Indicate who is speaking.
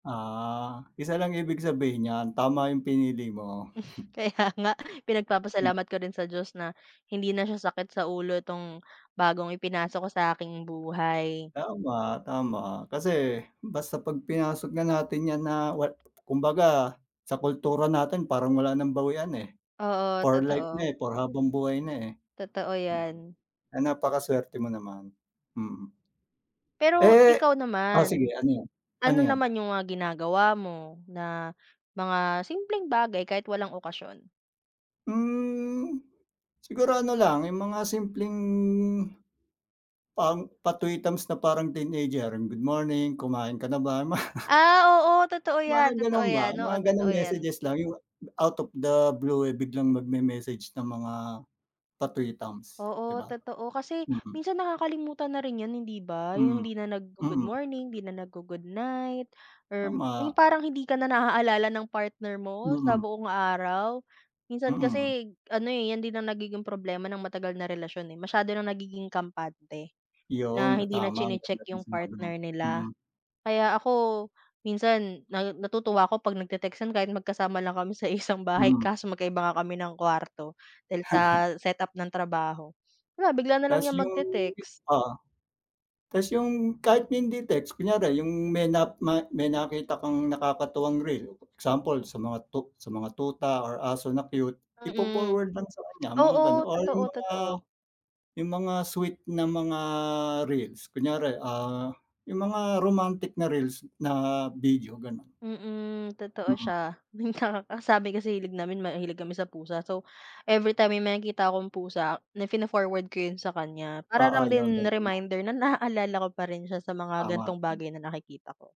Speaker 1: Ah, isa lang ibig sabihin niyan, tama yung pinili mo.
Speaker 2: Hmm.
Speaker 1: Hmm.
Speaker 2: Kaya nga.
Speaker 1: Ma
Speaker 2: Pinagpapasalamat ko rin sa Diyos na hindi na siya sakit sa ulo tong bagong ipinasok ko sa aking buhay.
Speaker 1: Tama, tama. Kasi basta pag pinasok na natin yan na way kumbaga sa kultura natin parang wala ng bawian, eh,
Speaker 2: Oo,
Speaker 1: for life
Speaker 2: totoo.
Speaker 1: na, eh, for pang habangbuhay na, eh.
Speaker 2: Totoo,
Speaker 1: Hmm,
Speaker 2: yan.
Speaker 1: ah, napakasuwerte mo naman. Mm.
Speaker 2: Pero
Speaker 1: Eh
Speaker 2: ikaw
Speaker 1: oh, sige
Speaker 2: naman,
Speaker 1: ano 'yon?
Speaker 2: ano
Speaker 1: Ano 'yon?
Speaker 2: naman yung mga ginagawa mo na mga simpleng bagay kahit walang okasiyon.
Speaker 1: Hmm, siguro ano lang yung mga simpleng pang patuitams na parang teenager, "Good morning, kumain ka na ba?" Ma
Speaker 2: Ah, oo, totoo
Speaker 1: mga
Speaker 2: yan. Totoo
Speaker 1: ganon ba,
Speaker 2: yan. Oo,
Speaker 1: mga ganong
Speaker 2: totoo yan.
Speaker 1: messages lang yung out of the blue, eh, biglang magme-message ng mga patwitams, 'di
Speaker 2: Oo
Speaker 1: ba?
Speaker 2: totoo, kasi
Speaker 1: Mm.
Speaker 2: minsan nakakalimutan na rin 'yon, hindi ba? Yung
Speaker 1: Mm,
Speaker 2: hindi na naggo-good
Speaker 1: mm.
Speaker 2: morning, hindi na naggo-good night or 'yong
Speaker 1: Tama.
Speaker 2: parang hindi ka na naaalala ng partner mo sa
Speaker 1: Mm.
Speaker 2: buong araw. Minsan
Speaker 1: Mm.
Speaker 2: kasi ano, eh, 'yan din ang nagiging problema ng matagal na relasyon, eh. Masiyado ng nagiging kampante
Speaker 1: 'Yon,
Speaker 2: na hindi na
Speaker 1: tama ang ganda
Speaker 2: chine-check
Speaker 1: ng
Speaker 2: 'yong
Speaker 1: sinabi mo.
Speaker 2: partner nila.
Speaker 1: Mm.
Speaker 2: Kaya ako minsan na natutuwa ako 'pag nagte-textan kahit magkasama lang kami sa isang bahay
Speaker 1: Hmm.
Speaker 2: kaso magkaiba nga kami ng kuwarto. Dahil sa set up ng trabaho. Wala bigla na lang
Speaker 1: Tas
Speaker 2: yang
Speaker 1: yung gi
Speaker 2: magte-text.
Speaker 1: oo. Tas yung kahit hindi text, kunyari yung may nap mat may nakita kang nakakatuwang reel. Example, sa mga tut mga tuta or aso na cute.
Speaker 2: Mm.
Speaker 1: Ipo-forward lang sa kanya mga
Speaker 2: Oo,
Speaker 1: ganoon or
Speaker 2: totoo
Speaker 1: mga
Speaker 2: totoo.
Speaker 1: yung mga sweet na mga reels. Kunyari, ah, yung mga romantic na reels na video, ganon.
Speaker 2: Mm, totoo
Speaker 1: Mm.
Speaker 2: siya. Yun nga ang sabi kasi hilig namin mahilig kami sa pusa. So, everytime may makikita akong pusa na fino-forward ko yun sa kaniya. Para
Speaker 1: Oo,
Speaker 2: lang
Speaker 1: yun
Speaker 2: din
Speaker 1: ganon nga.
Speaker 2: reminder na naaalala ko pa rin siya sa mga
Speaker 1: Tama,
Speaker 2: gantong
Speaker 1: tama.
Speaker 2: bagay na nakikita ko.